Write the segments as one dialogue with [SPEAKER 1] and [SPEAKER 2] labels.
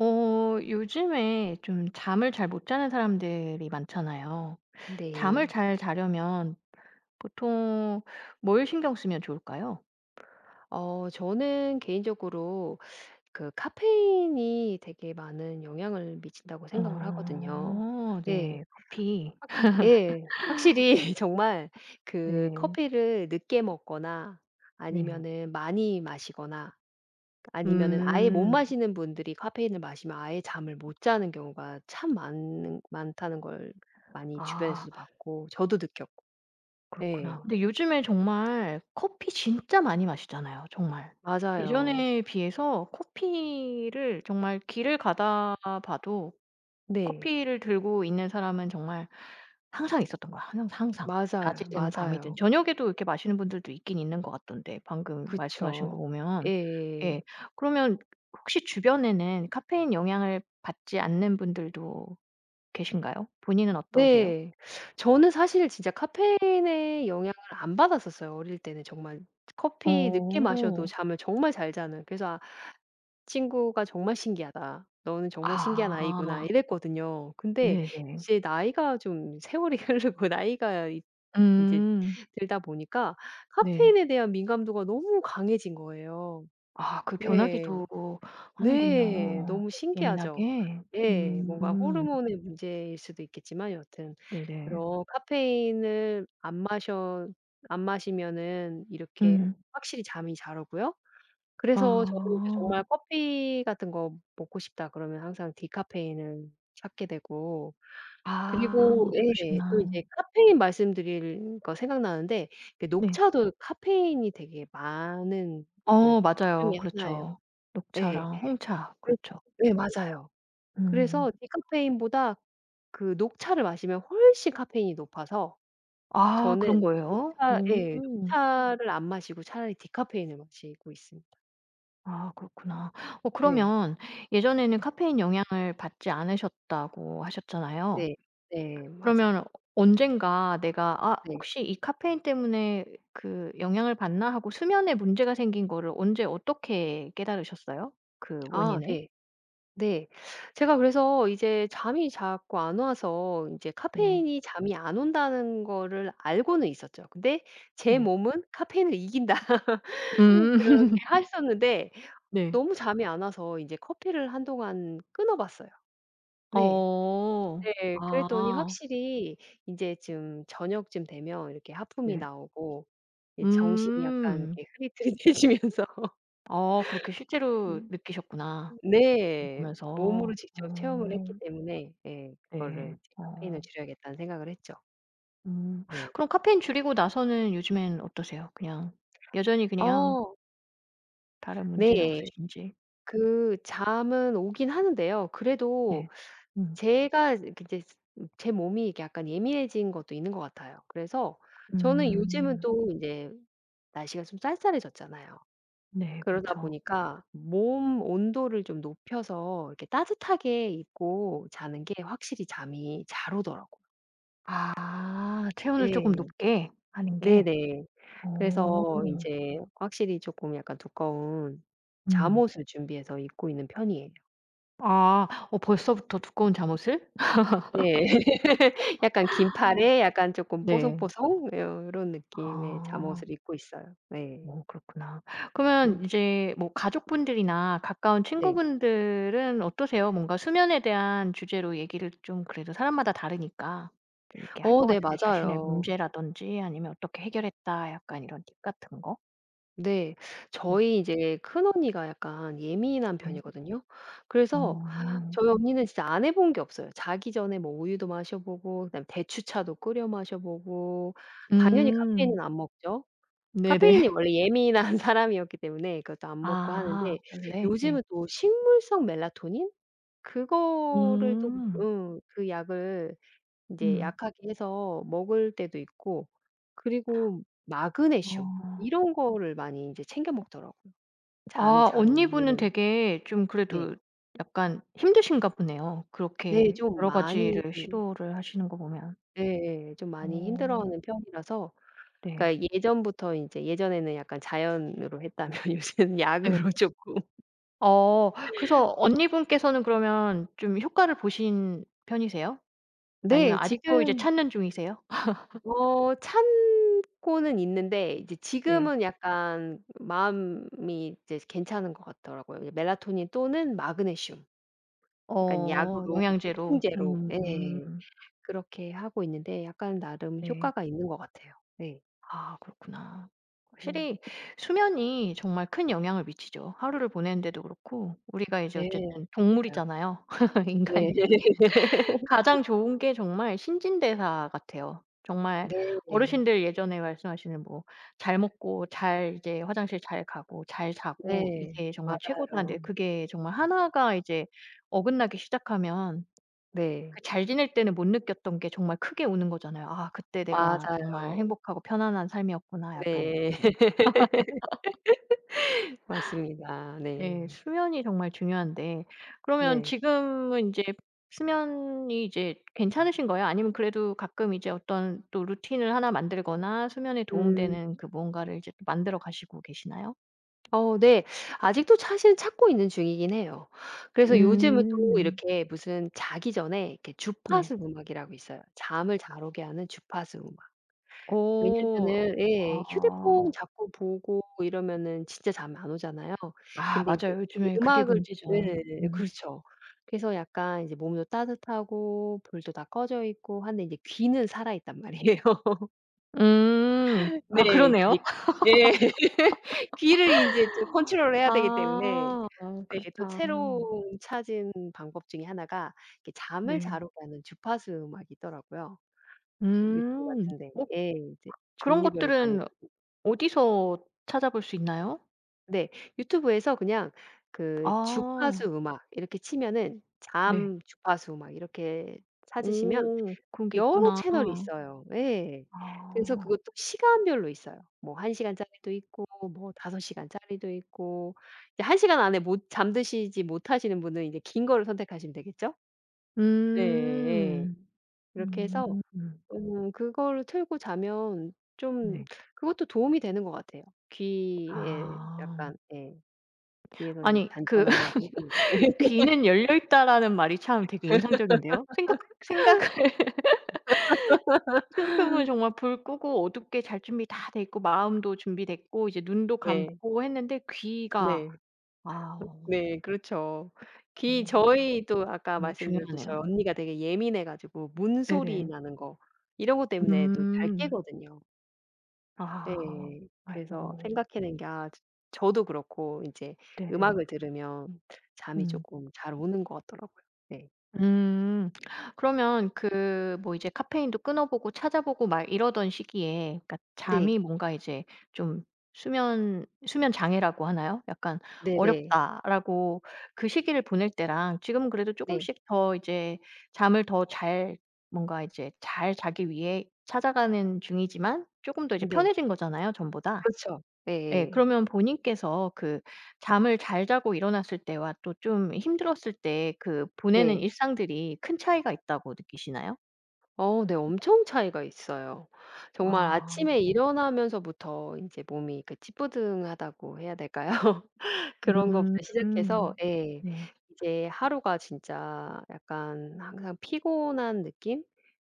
[SPEAKER 1] 어 요즘에 좀 잠을 잘 못 자는 사람들이 많잖아요. 잠을
[SPEAKER 2] 네.
[SPEAKER 1] 잘 자려면 보통 뭘 신경 쓰면 좋을까요?
[SPEAKER 2] 어 저는 개인적으로 그 '카페인이 되게 많은 영향을 미친다.'고 생각을 하거든요.
[SPEAKER 1] 어
[SPEAKER 2] 예.
[SPEAKER 1] 네. 커피.
[SPEAKER 2] 확실 예. 확실히 정말 그
[SPEAKER 1] 네.
[SPEAKER 2] 커피를 늦게 먹거나
[SPEAKER 1] 네.
[SPEAKER 2] 아니면은 많이 마시거나 그 아니면은 아예 못
[SPEAKER 1] 음.
[SPEAKER 2] 마시는 분들이 카페인을 마시면 아예 잠을 못 자는 경우가 참 많은 많다는 걸 많이
[SPEAKER 1] 아.
[SPEAKER 2] 주변에서도 봤고 저도 느꼈고.
[SPEAKER 1] 그렇구나.
[SPEAKER 2] 예.
[SPEAKER 1] 근데 요즘에 정말 커피 진짜 많이 마시잖아요, 정말.
[SPEAKER 2] 맞아요.
[SPEAKER 1] 예전에 비해서 커피를 정말 길을 가다가 봐도
[SPEAKER 2] 네.
[SPEAKER 1] 커피를 들고 있는 사람은 정말 항상 있었던 거야, 항 항상
[SPEAKER 2] 맞아요,
[SPEAKER 1] 낮이든 밤이든.
[SPEAKER 2] 맞아요.
[SPEAKER 1] 저녁에도 이렇게 마시는 분들도 있긴 있는 것 같던데, 방금 말씀하신 거
[SPEAKER 2] 그쵸.
[SPEAKER 1] 보면. 예.
[SPEAKER 2] 예예.
[SPEAKER 1] 그러면 혹시 주변에는 카페인 영향을 받지 않는 분들도 계신가요? 본인은 어떠세요?
[SPEAKER 2] 네. 저는 사실 진짜 카페인의 영향을 안 받았었어요, 어릴 때는 정말 커피 늦게 마셔도
[SPEAKER 1] 어.
[SPEAKER 2] 잠을 정말 잘 자는. 그래서 아 친구가 "정말 신기하다. 너는 정말 신기한 아이구나."
[SPEAKER 1] 아.
[SPEAKER 2] 이랬거든요. 근데
[SPEAKER 1] 네네.
[SPEAKER 2] 이제 나이가 좀 세월이 흐르고 나이가 이 인제
[SPEAKER 1] 음.
[SPEAKER 2] 들다 보니까
[SPEAKER 1] 네.
[SPEAKER 2] 카페인에 대한 민감도가 너무 강해진 거예요.
[SPEAKER 1] 아 그
[SPEAKER 2] 네.
[SPEAKER 1] 변하기도
[SPEAKER 2] 네.
[SPEAKER 1] 하는군요,
[SPEAKER 2] 너무 신기하죠?
[SPEAKER 1] 예민하게.
[SPEAKER 2] 예. 뭔가
[SPEAKER 1] 음.
[SPEAKER 2] 호르몬의 문제일 수도 있겠지만 여하튼
[SPEAKER 1] 네네.
[SPEAKER 2] 그런 카페인을 안 마셔 안 마시면은 이렇게
[SPEAKER 1] 음.
[SPEAKER 2] 확실히 잠이 잘 오고요. 그래서 저는 이제
[SPEAKER 1] 아.
[SPEAKER 2] 정말 '커피 같은 거 먹고 싶다.' 그러면 항상 디카페인을 찾게 되고 그리고
[SPEAKER 1] 아.
[SPEAKER 2] 예 또
[SPEAKER 1] 그러시구나.
[SPEAKER 2] 이제 카페인 말씀드리니까 생각나는데 그
[SPEAKER 1] 네.
[SPEAKER 2] 녹차도 카페인이 되게 많은 그 차
[SPEAKER 1] 어
[SPEAKER 2] 중에
[SPEAKER 1] 맞아요.
[SPEAKER 2] 1 예요.
[SPEAKER 1] 그렇죠.
[SPEAKER 2] 네.
[SPEAKER 1] 녹차랑 홍차.
[SPEAKER 2] 그
[SPEAKER 1] 그렇죠.
[SPEAKER 2] 네 맞아요.
[SPEAKER 1] 음.
[SPEAKER 2] 그래서 디카페인보다 그 녹차를 마시면 훨씬 카페인이 높아서
[SPEAKER 1] 아
[SPEAKER 2] 저는
[SPEAKER 1] 그런 거예요?
[SPEAKER 2] 녹차 예.
[SPEAKER 1] 오.
[SPEAKER 2] 녹차를 안 마시고 차라리 디카페인을 마시고 있습니다.
[SPEAKER 1] 아 그렇구나. 어
[SPEAKER 2] 네.
[SPEAKER 1] 그러면 예전에는 카페인 영향을 받지 않으셨다고 하셨잖아요.
[SPEAKER 2] 네. 네 맞아요.
[SPEAKER 1] 그러면 언젠가 '내가 아
[SPEAKER 2] 네.
[SPEAKER 1] 혹시 이 카페인 때문에 그 영향을 받나?' 하고 수면에 문제가 생긴 거를 언제 어떻게 깨달으셨어요, 그
[SPEAKER 2] 아
[SPEAKER 1] 원인을?
[SPEAKER 2] 네. 네. 제가 그래서 이제 잠이 자꾸 안 와서 인제
[SPEAKER 1] 네.
[SPEAKER 2] '카페인이 잠이 안 온다.'는 거를 알고는 있었죠. 근데' 제
[SPEAKER 1] 네.
[SPEAKER 2] 몸은 카페인을 이긴다.' 그렇게
[SPEAKER 1] 음.
[SPEAKER 2] 했었는데
[SPEAKER 1] 네.
[SPEAKER 2] 너무 잠이 안 와서 이제 커피를 한동안 끊어 봤어요. 네.
[SPEAKER 1] 어.
[SPEAKER 2] 네. 그랬더니
[SPEAKER 1] 아.
[SPEAKER 2] 확실히 인제 좀 저녁쯤 되면 이렇게 하품이
[SPEAKER 1] 네.
[SPEAKER 2] 나오고 예 정신이 약간
[SPEAKER 1] 음.
[SPEAKER 2] 이렇게 흐릿흐릿해지면서
[SPEAKER 1] 아 그렇게 실제로
[SPEAKER 2] 음.
[SPEAKER 1] 느끼셨구나,
[SPEAKER 2] 음
[SPEAKER 1] 이거
[SPEAKER 2] 네. 몸으로
[SPEAKER 1] 보면서.
[SPEAKER 2] 직접 체험을 했기
[SPEAKER 1] 어.
[SPEAKER 2] 때문에 예 그거를
[SPEAKER 1] 네.
[SPEAKER 2] 이제 '카페인을
[SPEAKER 1] 어.
[SPEAKER 2] 줄여야겠다.'는 생각을 했죠.
[SPEAKER 1] 음
[SPEAKER 2] 네.
[SPEAKER 1] 그럼 카페인 줄이고 나서는 요즘엔 어떠세요? 그냥 여전히 그냥
[SPEAKER 2] 어.
[SPEAKER 1] 다른 문제는
[SPEAKER 2] 네.
[SPEAKER 1] 없으신지.
[SPEAKER 2] 그 잠은 오긴 하는데요. 그래도
[SPEAKER 1] 네. 음.
[SPEAKER 2] 제가 그 이제 제 몸이 약간 예민해진 것도 있는 것 같아요. 그래서 저는 요즘은
[SPEAKER 1] 음.
[SPEAKER 2] 또 이제 날씨가 좀 쌀쌀해졌잖아요.
[SPEAKER 1] 네
[SPEAKER 2] 그러다
[SPEAKER 1] 그렇죠.
[SPEAKER 2] 보니까 몸 온도를 좀 높여서 이렇게 따뜻하게 입고 자는 게 확실히 잠이 잘 오더라고요.
[SPEAKER 1] 아 체온을 쪼금
[SPEAKER 2] 예.
[SPEAKER 1] 높게 하는 게.
[SPEAKER 2] 네네.
[SPEAKER 1] 어.
[SPEAKER 2] 그래서 인제 확실히 쪼끔 약간 두꺼운
[SPEAKER 1] 음.
[SPEAKER 2] 잠옷을 준비해서 입고 있는 편이에요.
[SPEAKER 1] 아. 어 벌써부터 두꺼운 잠옷을?
[SPEAKER 2] 네. 약간 긴팔에 약간 조금
[SPEAKER 1] 네.
[SPEAKER 2] 뽀송뽀송 요런 느낌의
[SPEAKER 1] 아.
[SPEAKER 2] 잠옷을 입고 있어요. 네.
[SPEAKER 1] 어 그렇구나. 그러면
[SPEAKER 2] 네.
[SPEAKER 1] 이제 뭐 가족분들이나 가까운
[SPEAKER 2] 네.
[SPEAKER 1] 친구분들은 어떠세요? 뭔가 수면에 대한 주제로 얘기를 좀 그래도 사람마다 다르니까 좀 이렇게 할
[SPEAKER 2] 어
[SPEAKER 1] 것
[SPEAKER 2] 네
[SPEAKER 1] 같은데 자신의
[SPEAKER 2] 맞아요.
[SPEAKER 1] 문제라든지 아니면 어떻게 해결했다 약간 이런 팁 같은 거.
[SPEAKER 2] 네.
[SPEAKER 1] 네.
[SPEAKER 2] 저희 이제 큰언니가 약간 예민한
[SPEAKER 1] 예.
[SPEAKER 2] 편이거든요. 그래서
[SPEAKER 1] 아.
[SPEAKER 2] 저희 언니는 진짜 안 해본 게 없어요. 자기 전에 뭐 우유도 마셔보고 그다음에 대추차도 끓여 마셔보고 당연히 카페인은
[SPEAKER 1] 음.
[SPEAKER 2] 안 먹죠. 카페인에
[SPEAKER 1] 네네.
[SPEAKER 2] 원래 예민한 예민한 사람이었기 때문에 그것도 안 먹고
[SPEAKER 1] 아.
[SPEAKER 2] 하는데.
[SPEAKER 1] 원래? 예.
[SPEAKER 2] 요즘은 또 식물성 멜라토닌? 그거를 또
[SPEAKER 1] 음.
[SPEAKER 2] 응. 그 약을 인제
[SPEAKER 1] 음.
[SPEAKER 2] 약하게 해서 먹을 때도 있고 그리고 마그네슘
[SPEAKER 1] 어.
[SPEAKER 2] 이런 거를 많이 인제 챙겨 먹더라고요, 잠이
[SPEAKER 1] 아
[SPEAKER 2] 잘
[SPEAKER 1] 언니분은
[SPEAKER 2] 오는.
[SPEAKER 1] 되게 좀
[SPEAKER 2] 네.
[SPEAKER 1] 그래도 약간 힘드신가 보네요.
[SPEAKER 2] 네
[SPEAKER 1] 그렇게
[SPEAKER 2] 좀
[SPEAKER 1] 여러
[SPEAKER 2] 많이
[SPEAKER 1] 가지를
[SPEAKER 2] 그
[SPEAKER 1] 시도를 하시는 거 보면.
[SPEAKER 2] 예예. 좀 많이
[SPEAKER 1] 어.
[SPEAKER 2] 힘들어하는 편이라서.
[SPEAKER 1] 네.
[SPEAKER 2] 그니까 예전부터 인제 예전에는 약간 자연으로 했다면 요새는 약으로
[SPEAKER 1] 예.
[SPEAKER 2] 쪼끔
[SPEAKER 1] 어. 그래서 언니분께서는 그러면 좀 효과를 보신 편이세요? 아니면
[SPEAKER 2] 네
[SPEAKER 1] 아직도 이제
[SPEAKER 2] 지금
[SPEAKER 1] 찾는 중이세요?
[SPEAKER 2] 어 참고는 있는데 이제
[SPEAKER 1] 네.
[SPEAKER 2] 지금은 약간 마음이 이제 괜찮은 거 같더라고요. 멜라토닌 또는 마그네슘. 약간
[SPEAKER 1] 어
[SPEAKER 2] 약으로
[SPEAKER 1] 영양제로.
[SPEAKER 2] 보충제로
[SPEAKER 1] 음.
[SPEAKER 2] 예 그렇게 하고 있는데 약간 나름
[SPEAKER 1] 네.
[SPEAKER 2] 효과가 있는 것 같아요. 네.
[SPEAKER 1] 아 그렇구나.
[SPEAKER 2] 네.
[SPEAKER 1] 확실히 수면이 정말 큰 영향을 미치죠. 하루를 보내는 데도 그렇고 우리가 이제
[SPEAKER 2] 네.
[SPEAKER 1] 어쨌든
[SPEAKER 2] 맞아요.
[SPEAKER 1] 동물이잖아요.
[SPEAKER 2] 네.
[SPEAKER 1] 인간이. 가장 좋은 게 정말 신진대사 같아요. 정말
[SPEAKER 2] 네네.
[SPEAKER 1] 어르신들 예전에 말씀하시는 뭐 "잘 먹고 잘 이제 화장실 잘 가고 잘 자고
[SPEAKER 2] 네.
[SPEAKER 1] 이게 정말 최고다." 하는데
[SPEAKER 2] 맞아요.
[SPEAKER 1] 그게 정말 1 가 이제 어긋나기 시작하면
[SPEAKER 2] 네.
[SPEAKER 1] 그 잘 지낼 때는 못 느꼈던 게 정말 크게 오는 거잖아요. '아 그때 내가 정말
[SPEAKER 2] 맞아요.
[SPEAKER 1] 행복하고 편안한 삶이었구나.' 약간
[SPEAKER 2] 네.
[SPEAKER 1] 이렇게.
[SPEAKER 2] 맞습니다.
[SPEAKER 1] 예.
[SPEAKER 2] 네.
[SPEAKER 1] 수면이 정말 중요한데 그러면
[SPEAKER 2] 네.
[SPEAKER 1] 지금은 인제 수면이 이제 괜찮으신 거예요? 아니면 그래도 가끔 이제 어떤 또 루틴을 1 만들거나 수면에 도움
[SPEAKER 2] 음.
[SPEAKER 1] 되는 그 뭔가를 이제 또 만들어 가시고 계시나요?
[SPEAKER 2] 어 네. 아직도 사실 찾고 있는 중이긴 해요. 그래서 요즘은 또
[SPEAKER 1] 음.
[SPEAKER 2] 이렇게 무슨 자기 전에 이렇게
[SPEAKER 1] 네.
[SPEAKER 2] 주파수 음악이라고 있어요. 잠을 잘 오게 하는 주파수 음악.
[SPEAKER 1] 오.
[SPEAKER 2] 왜냐면은 예 휴대폰
[SPEAKER 1] 아.
[SPEAKER 2] 자꾸 보고 이러면은 진짜 잠 안 오잖아요.
[SPEAKER 1] 아
[SPEAKER 2] 근데 인제
[SPEAKER 1] 맞아요. 요즘에 그게
[SPEAKER 2] 음악을
[SPEAKER 1] 문제죠.
[SPEAKER 2] 예예,
[SPEAKER 1] 음.
[SPEAKER 2] 그렇죠. 그래서 약간 이제 몸도 따뜻하고 불도 다 꺼져 있고 하는데 인제 귀는 살아있단 말이에요.
[SPEAKER 1] 음. 아
[SPEAKER 2] 네 그게
[SPEAKER 1] 그러네요.
[SPEAKER 2] 네. 귀를 인제 좀 컨트롤해야 되기 때문에
[SPEAKER 1] 아
[SPEAKER 2] 네 또
[SPEAKER 1] 그렇다.
[SPEAKER 2] 새로 찾은 방법 중에 1 가 이렇게 잠을 잘
[SPEAKER 1] 네.
[SPEAKER 2] 오게 하는 주파수 음악이 있더라고요. 유튜브
[SPEAKER 1] 음.
[SPEAKER 2] 같은 데에.
[SPEAKER 1] 어. 그
[SPEAKER 2] 예 이제
[SPEAKER 1] 그런
[SPEAKER 2] 종류별로 많이
[SPEAKER 1] 것들은
[SPEAKER 2] 보고
[SPEAKER 1] 어디서 찾아볼 수 있나요?
[SPEAKER 2] 네. 유튜브에서 그냥 그 주파수
[SPEAKER 1] 아.
[SPEAKER 2] 음악 이렇게 치면은
[SPEAKER 1] 네.
[SPEAKER 2] 잠, 주파수 막 이렇게 찾으시면
[SPEAKER 1] 오. 그런 게
[SPEAKER 2] 여러
[SPEAKER 1] 있구나.
[SPEAKER 2] 채널이 있어요. 예. 그래서
[SPEAKER 1] 아.
[SPEAKER 2] 그것도 시간별로 있어요. 뭐 1 시간짜리도 있고 뭐 5 시간짜리도 있고. 이제 1 시간 안에 못 잠드시지 못하시는 분은 이제 긴 걸 선택하시면 되겠죠? 예예.
[SPEAKER 1] 음.
[SPEAKER 2] 그렇게 해서
[SPEAKER 1] 음.
[SPEAKER 2] 음 그거를 틀고 자면 좀
[SPEAKER 1] 네.
[SPEAKER 2] 그것도 도움이 되는 것 같아요. 귀에
[SPEAKER 1] 아.
[SPEAKER 2] 약간 예. 귀에서 이제
[SPEAKER 1] 아니 그
[SPEAKER 2] 잔잔한 음악이 흐르는.
[SPEAKER 1] "귀는 열려 있다."라는 말이 참 되게 인상적인데요? 생각 생각을 생각 해보면 정말 불 끄고 어둡게 잘 준비 다 돼 있고 마음도 준비됐고 이제 눈도
[SPEAKER 2] 네.
[SPEAKER 1] 감고 했는데 귀가.
[SPEAKER 2] 네.
[SPEAKER 1] 아.
[SPEAKER 2] 네 그렇죠. 귀
[SPEAKER 1] 어.
[SPEAKER 2] 저희도 아까
[SPEAKER 1] 정말
[SPEAKER 2] 말씀드렸듯이
[SPEAKER 1] 중요하네요.
[SPEAKER 2] 언니가 되게 예민해 가지고 문소리
[SPEAKER 1] 네네.
[SPEAKER 2] 나는 거 이런 것 때문에 또 잘
[SPEAKER 1] 음.
[SPEAKER 2] 깨거든요.
[SPEAKER 1] 아.
[SPEAKER 2] 네. 그래서
[SPEAKER 1] 아이고.
[SPEAKER 2] 생각해 낸 게 아 저 저도 그렇고 인제
[SPEAKER 1] 네네.
[SPEAKER 2] 음악을 들으면 잠이
[SPEAKER 1] 음.
[SPEAKER 2] 쪼끔 잘 오는 것 같더라고요. 예.
[SPEAKER 1] 음. 그러면 그 뭐 이제 카페인도 끊어보고 찾아보고 막 이러던 시기에 그러니까
[SPEAKER 2] 네.
[SPEAKER 1] 잠이 뭔가 이제 좀 수면 수면장애라고 하나요? 약간
[SPEAKER 2] 네네.
[SPEAKER 1] '어렵다.'라고 그 시기를 보낼 때랑 지금은 그래도
[SPEAKER 2] 네.
[SPEAKER 1] 쪼금씩 더 이제 잠을 더 잘 뭔가 이제 잘 자기 위해 찾아가는 중이지만 쪼금 더 이제
[SPEAKER 2] 네.
[SPEAKER 1] 편해진 거잖아요 전보다.
[SPEAKER 2] 그렇죠.
[SPEAKER 1] 예.
[SPEAKER 2] 예예.
[SPEAKER 1] 그러면 본인께서 그 잠을 잘 자고 일어났을 때와 또 좀 힘들었을 때 그 보내는
[SPEAKER 2] 네.
[SPEAKER 1] 일상들이 큰 차이가 있다고 느끼시나요?
[SPEAKER 2] 어 네. 엄청 차이가 있어요. 정말
[SPEAKER 1] 아
[SPEAKER 2] 아침에
[SPEAKER 1] 네.
[SPEAKER 2] 일어나면서부터 인제 몸이 그 찌뿌둥하다고 해야 될까요? 그런 것부터 시작해서
[SPEAKER 1] 음.
[SPEAKER 2] 예
[SPEAKER 1] 네.
[SPEAKER 2] 이제 하루가 진짜 약간 항상 피곤한 느낌?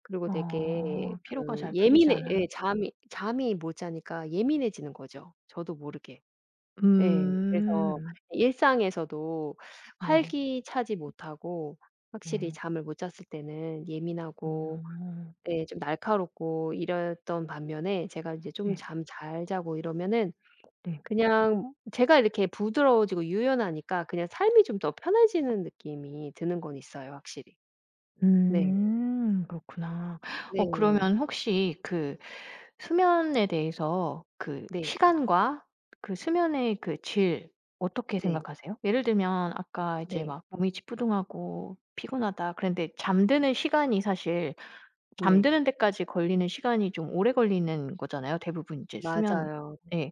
[SPEAKER 2] 그리고 되게
[SPEAKER 1] 어. 피로가
[SPEAKER 2] 그
[SPEAKER 1] 잘 풀리지
[SPEAKER 2] 예민해
[SPEAKER 1] 않아.
[SPEAKER 2] 예 잠이 잠이 못 자니까 예민해지는 거죠, 저도 모르게. 예. 그래서
[SPEAKER 1] 음.
[SPEAKER 2] 일상에서도
[SPEAKER 1] 네.
[SPEAKER 2] 활기차지 못하고 확실히
[SPEAKER 1] 네.
[SPEAKER 2] 잠을 못 잤을 때는 예민하고
[SPEAKER 1] 음.
[SPEAKER 2] 예 좀 날카롭고 이랬던 반면에 제가 이제 좀
[SPEAKER 1] 네.
[SPEAKER 2] 잠 잘 자고 이러면은
[SPEAKER 1] 네.
[SPEAKER 2] 그냥 제가 이렇게 부드러워지고 유연하니까 그냥 삶이 좀 더 편해지는 느낌이 드는 건 있어요, 확실히. 네.
[SPEAKER 1] 음. 그렇구나. 어
[SPEAKER 2] 네.
[SPEAKER 1] 그러면 혹시 그 수면에 대해서 그
[SPEAKER 2] 네.
[SPEAKER 1] 시간과 그 수면의 그 질 어떻게
[SPEAKER 2] 네.
[SPEAKER 1] 생각하세요? 예를 들면 아까 이제
[SPEAKER 2] 네.
[SPEAKER 1] 막 "몸이 찌뿌둥하고 피곤하다." 그랬는데 잠드는 시간이 사실
[SPEAKER 2] 네.
[SPEAKER 1] 잠드는 데까지 걸리는 시간이 좀 오래 걸리는 거잖아요. 대부분 이제 수면
[SPEAKER 2] 맞아요.
[SPEAKER 1] 예.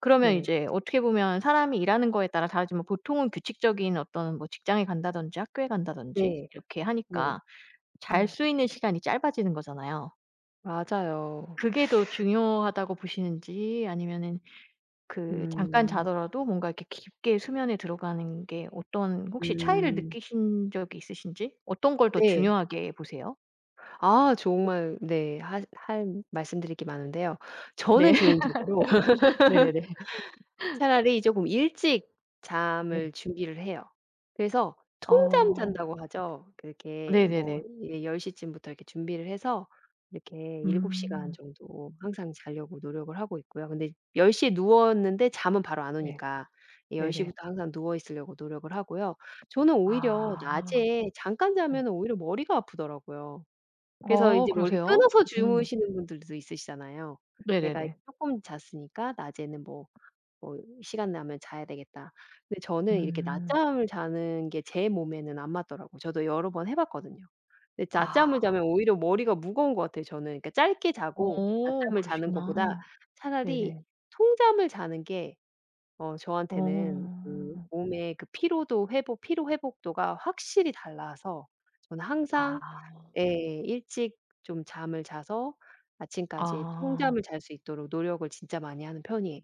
[SPEAKER 1] 그러면
[SPEAKER 2] 네.
[SPEAKER 1] 이제 어떻게 보면 사람이 일하는 거에 따라 다르지만 보통은 규칙적인 어떤 뭐 직장에 간다든지 학교에 간다든지
[SPEAKER 2] 네.
[SPEAKER 1] 이렇게
[SPEAKER 2] 네.
[SPEAKER 1] 하니까 잘
[SPEAKER 2] 음.
[SPEAKER 1] 수 있는 시간이 짧아지는 거잖아요.
[SPEAKER 2] 맞아요.
[SPEAKER 1] 그게 더 중요하다고 보시는지 아니면은 그 잠깐
[SPEAKER 2] 음.
[SPEAKER 1] 자더라도 뭔가 이렇게 깊게 수면에 들어가는 게 어떤 혹시 차이를
[SPEAKER 2] 음.
[SPEAKER 1] 느끼신 적이 있으신지. 어떤 걸 더
[SPEAKER 2] 네.
[SPEAKER 1] 중요하게 보세요?
[SPEAKER 2] 아 정말 네. 하 할 말씀드릴 게 많은데요.
[SPEAKER 1] 네.
[SPEAKER 2] 저는 개인적으로
[SPEAKER 1] 네네네.
[SPEAKER 2] 차라리 쪼금 일찍 잠을
[SPEAKER 1] 네.
[SPEAKER 2] 준비를 해요. 그래서 "통잠
[SPEAKER 1] 아.
[SPEAKER 2] 잔다."고 하죠. 그렇게 뭐
[SPEAKER 1] 네네네.
[SPEAKER 2] 이제 10 시쯤부터 이렇게 준비를 해서 이렇게 7 시간
[SPEAKER 1] 음.
[SPEAKER 2] 정도 항상 자려고 노력을 하고 있고요. 근데 10 시에 누웠는데 잠은 바로 안
[SPEAKER 1] 네.
[SPEAKER 2] 오니까 10
[SPEAKER 1] 네네.
[SPEAKER 2] 시부터 항상 누워 있으려고 노력을 하고요. 저는 오히려
[SPEAKER 1] 아.
[SPEAKER 2] 낮에 잠깐
[SPEAKER 1] 네.
[SPEAKER 2] 자면 오히려 머리가 아프더라고요. 그래서
[SPEAKER 1] 아
[SPEAKER 2] 인제 원래
[SPEAKER 1] 그러세요?
[SPEAKER 2] 끊어서
[SPEAKER 1] 음.
[SPEAKER 2] 주무시는 분들도 있으시잖아요. '내가 이제
[SPEAKER 1] 네네네.
[SPEAKER 2] 쪼끔 잤으니까 낮에는 뭐 뭐 시간 나면 자야 되겠다.' 근데 저는 이렇게
[SPEAKER 1] 음.
[SPEAKER 2] 낮잠을 자는 게 제 몸에는 안 맞더라고요. 저도 여러 번 해 봤거든요. 이 낮잠을
[SPEAKER 1] 아.
[SPEAKER 2] 자면 오히려 머리가 무거운 것 같아요, 저는. 그러니까 짧게 자고
[SPEAKER 1] 어.
[SPEAKER 2] 낮잠을 자는 것보다
[SPEAKER 1] 그러시구나.
[SPEAKER 2] 차라리
[SPEAKER 1] 네네.
[SPEAKER 2] 통잠을 자는 게 어 저한테는 그
[SPEAKER 1] 어.
[SPEAKER 2] 몸에 그 피로도 회복 피로 회복도가 확실히 달라서 저는 항상
[SPEAKER 1] 아.
[SPEAKER 2] 예 일찍 좀 잠을 자서 아침까지
[SPEAKER 1] 아.
[SPEAKER 2] 통잠을 잘 수 있도록 노력을 진짜 많이 하는 편이에요.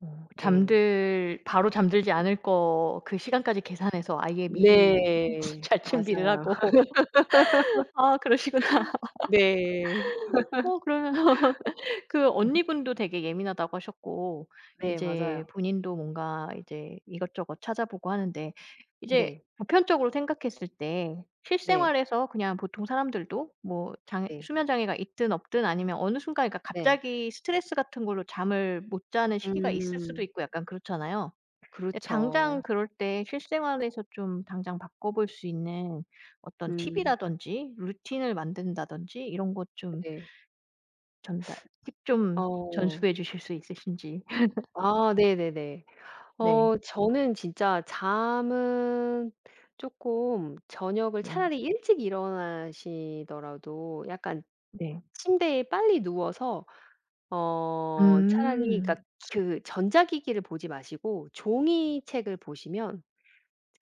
[SPEAKER 1] 어
[SPEAKER 2] 네.
[SPEAKER 1] 잠들 바로 잠들지 않을 거 그 시간까지 계산해서 아예 미리 참고
[SPEAKER 2] 네.
[SPEAKER 1] 잘 준비를
[SPEAKER 2] 맞아요.
[SPEAKER 1] 하고 아 그러시구나.
[SPEAKER 2] 네.
[SPEAKER 1] 어 그러면 그 언니분도 되게 예민하다고 하셨고
[SPEAKER 2] 네.
[SPEAKER 1] 이제
[SPEAKER 2] 맞아요.
[SPEAKER 1] 본인도 뭔가 이제 이것저것 찾아보고 하는데 이제
[SPEAKER 2] 네.
[SPEAKER 1] 보편적으로 생각했을 때
[SPEAKER 2] 네.
[SPEAKER 1] 실생활에서 그냥 보통 사람들도 뭐 장애
[SPEAKER 2] 네.
[SPEAKER 1] 수면 장애가 있든 없든 아니면 어느 순간 그러니까
[SPEAKER 2] 네.
[SPEAKER 1] 갑자기 스트레스 같은 걸로 잠을 못 자는 시기가 있을 수도
[SPEAKER 2] 음.
[SPEAKER 1] 있고 약간 그렇잖아요. 네. 당장
[SPEAKER 2] 그렇죠.
[SPEAKER 1] 그럴 때 실생활에서 좀 당장 바꿔볼 수 있는 어떤
[SPEAKER 2] 음.
[SPEAKER 1] 팁이라든지 루틴을 만든다든지 이런 것 좀
[SPEAKER 2] 네.
[SPEAKER 1] 전달 팁 좀
[SPEAKER 2] 어.
[SPEAKER 1] 전수해 주실 수 있으신지.
[SPEAKER 2] 아 네네네.
[SPEAKER 1] 네.
[SPEAKER 2] 어 저는 진짜 잠은 쪼끔 저녁을
[SPEAKER 1] 네.
[SPEAKER 2] 차라리 일찍 일어나시더라도 약간
[SPEAKER 1] 네.
[SPEAKER 2] 침대에 빨리 누워서 어 차라리 그러니까
[SPEAKER 1] 음.
[SPEAKER 2] 그 전자기기를 보지 마시고 종이 책을 보시면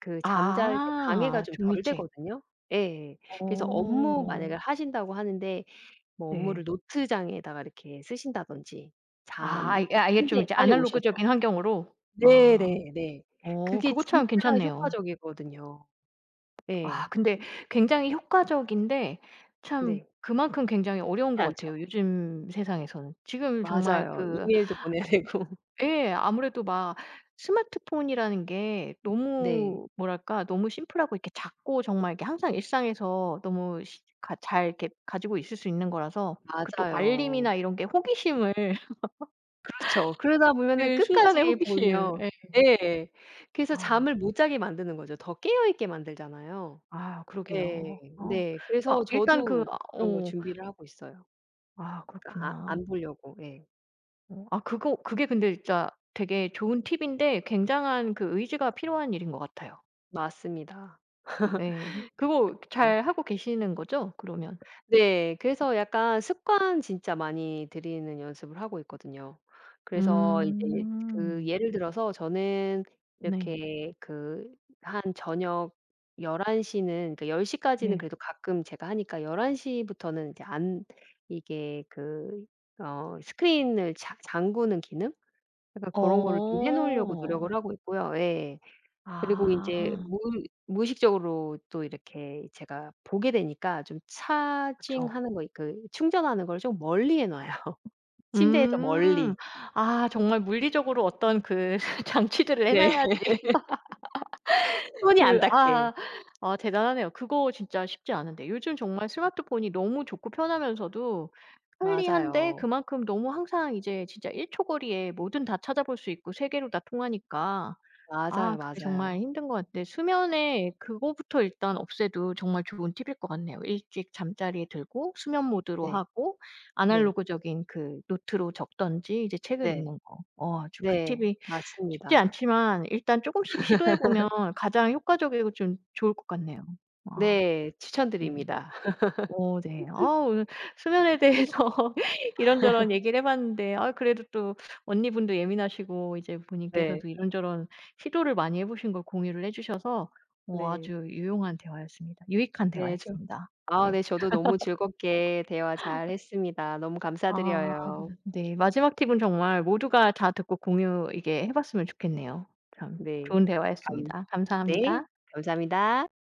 [SPEAKER 2] 그 잠잘 때 방해가
[SPEAKER 1] 아
[SPEAKER 2] 좀 덜
[SPEAKER 1] 종이책.
[SPEAKER 2] 되거든요. 예. 그래서 업무 만약에
[SPEAKER 1] 어.
[SPEAKER 2] 하신다고 하는데 뭐 업무를
[SPEAKER 1] 네.
[SPEAKER 2] 노트장에다 이렇게 쓰신다든지
[SPEAKER 1] 아.
[SPEAKER 2] 잠 그
[SPEAKER 1] 아예 좀
[SPEAKER 2] 침대에
[SPEAKER 1] 이제
[SPEAKER 2] 빨리 오셔서
[SPEAKER 1] 아날로그적인 환경으로? 아.
[SPEAKER 2] 네네네.
[SPEAKER 1] 어
[SPEAKER 2] 그게
[SPEAKER 1] 그거 참
[SPEAKER 2] 진짜
[SPEAKER 1] 괜찮네요.
[SPEAKER 2] 효과적이거든요. 예.
[SPEAKER 1] 아 근데 굉장히 효과적인데 참
[SPEAKER 2] 네.
[SPEAKER 1] 그만큼 굉장히
[SPEAKER 2] 쉽지
[SPEAKER 1] 어려운 것
[SPEAKER 2] 않죠.
[SPEAKER 1] 같아요, 요즘 세상에서는. 지금 정말
[SPEAKER 2] 맞아요.
[SPEAKER 1] 그
[SPEAKER 2] 이메일도 보내야 되고.
[SPEAKER 1] 예. 아무래도 막 스마트폰이라는 게
[SPEAKER 2] 네.
[SPEAKER 1] 너무 뭐랄까. 너무 심플하고 이렇게 작고 정말 이렇게 항상 일상에서 너무 실 가 잘 이렇게 가지고 있을 수 있는 거라서 그 또
[SPEAKER 2] 맞아요.
[SPEAKER 1] 알림이나 이런 게 호기심을
[SPEAKER 2] 그렇죠. 그러다 보면은
[SPEAKER 1] 그 순간의
[SPEAKER 2] 끝까지
[SPEAKER 1] 호기심.
[SPEAKER 2] 보면
[SPEAKER 1] 예.
[SPEAKER 2] 예. 그래서
[SPEAKER 1] 아.
[SPEAKER 2] 잠을 못 자게 만드는 거죠. 더 깨어 있게 만들잖아요.
[SPEAKER 1] 아
[SPEAKER 2] 예.
[SPEAKER 1] 그러게요. 어.
[SPEAKER 2] 네.
[SPEAKER 1] 아
[SPEAKER 2] 그래서
[SPEAKER 1] 일단 그
[SPEAKER 2] 저도 그런 걸
[SPEAKER 1] 어
[SPEAKER 2] 준비를 하고 있어요.
[SPEAKER 1] 아
[SPEAKER 2] 아
[SPEAKER 1] 그렇구나.
[SPEAKER 2] 안 보려고 예.
[SPEAKER 1] 어. 아 그거 그게 근데 진짜 되게 좋은 팁인데 굉장한 그 의지가 필요한 일인 것 같아요.
[SPEAKER 2] 맞습니다.
[SPEAKER 1] 예. 그거
[SPEAKER 2] 그래서
[SPEAKER 1] 잘하고 계시는 거죠, 그러면?
[SPEAKER 2] 네. 그래서 약간 습관 진짜 많이 들이는 연습을 하고 있거든요. 그래서 이제 그
[SPEAKER 1] 음.
[SPEAKER 2] 예를 들어서 저는
[SPEAKER 1] 네.
[SPEAKER 2] 이렇게 그 한 저녁 11 시는 그러니까 10 시까지는
[SPEAKER 1] 네.
[SPEAKER 2] 그래도 가끔 제가 하니까 11 시부터는 이제 안 이게 그 어 스크린을 자 잠그는 기능? 약간 고런 거를 좀 해 놓으려고
[SPEAKER 1] 어.
[SPEAKER 2] 노력을 하고 있고요. 예. 그리고 인제
[SPEAKER 1] 아.
[SPEAKER 2] 무의 무의식적으로 또 이렇게 제가 보게 되니까 좀
[SPEAKER 1] 그쵸.
[SPEAKER 2] 차징하는 거, 그 충전하는 걸 좀 멀리 해 놔요, 침대에서
[SPEAKER 1] 음.
[SPEAKER 2] 멀리.
[SPEAKER 1] 아 정말 물리적으로 어떤 그 장치들을 해
[SPEAKER 2] 네.
[SPEAKER 1] 놓아야지.
[SPEAKER 2] 손이 안
[SPEAKER 1] 그
[SPEAKER 2] 닿게.
[SPEAKER 1] 아 아 대단하네요. 그거 진짜 쉽지 않은데. 요즘 정말 스마트폰이 너무 좋고 편하면서도 편리한데
[SPEAKER 2] 맞아요.
[SPEAKER 1] 그만큼 너무 항상 이제 진짜 1 초 거리에 뭐든 다 찾아 볼 수 있고 세계로 다 통하니까
[SPEAKER 2] 맞아요.
[SPEAKER 1] 아 그게 정말
[SPEAKER 2] 맞아요.
[SPEAKER 1] 힘든 것 같아요. 수면에 그거부터 일단 없애도 정말 좋은 팁일 것 같네요. 일찍 잠자리에 들고 수면 모드로
[SPEAKER 2] 네.
[SPEAKER 1] 하고
[SPEAKER 2] 네.
[SPEAKER 1] 아날로그적인 그 노트로 적든지 이제 책을
[SPEAKER 2] 네.
[SPEAKER 1] 읽는 거. 어 아주 그
[SPEAKER 2] 네.
[SPEAKER 1] 팁이 쉽지
[SPEAKER 2] 맞습니다.
[SPEAKER 1] 않지만 일단 쪼금씩 시도해 보면 가장 효과적이고 좀 좋을 것 같네요. 아
[SPEAKER 2] 네.
[SPEAKER 1] 네.
[SPEAKER 2] 추천드립니다.
[SPEAKER 1] 어 네. 아 오늘 수면에 대해서 이런저런 얘기를 해 봤는데 아유 그래도 또 언니분도 예민하시고 이제
[SPEAKER 2] 네.
[SPEAKER 1] 본인께서도 이런저런 시도를 많이 해 보신 걸 공유를 해 주셔서 어
[SPEAKER 2] 네.
[SPEAKER 1] 아주 유용한 대화였습니다. 유익한
[SPEAKER 2] 예. 저
[SPEAKER 1] 대화였습니다.
[SPEAKER 2] 아
[SPEAKER 1] 네.
[SPEAKER 2] 네. 저도 너무 즐겁게 대화 잘했습니다. 너무
[SPEAKER 1] 아
[SPEAKER 2] 감사드려요.
[SPEAKER 1] 네. 마지막 팁은 정말 모두가 다 듣고 공유 이게 해 봤으면 좋겠네요. 참
[SPEAKER 2] 네.
[SPEAKER 1] 좋은
[SPEAKER 2] 감
[SPEAKER 1] 대화였습니다.
[SPEAKER 2] 네.
[SPEAKER 1] 감사합니다.
[SPEAKER 2] 감사합니다.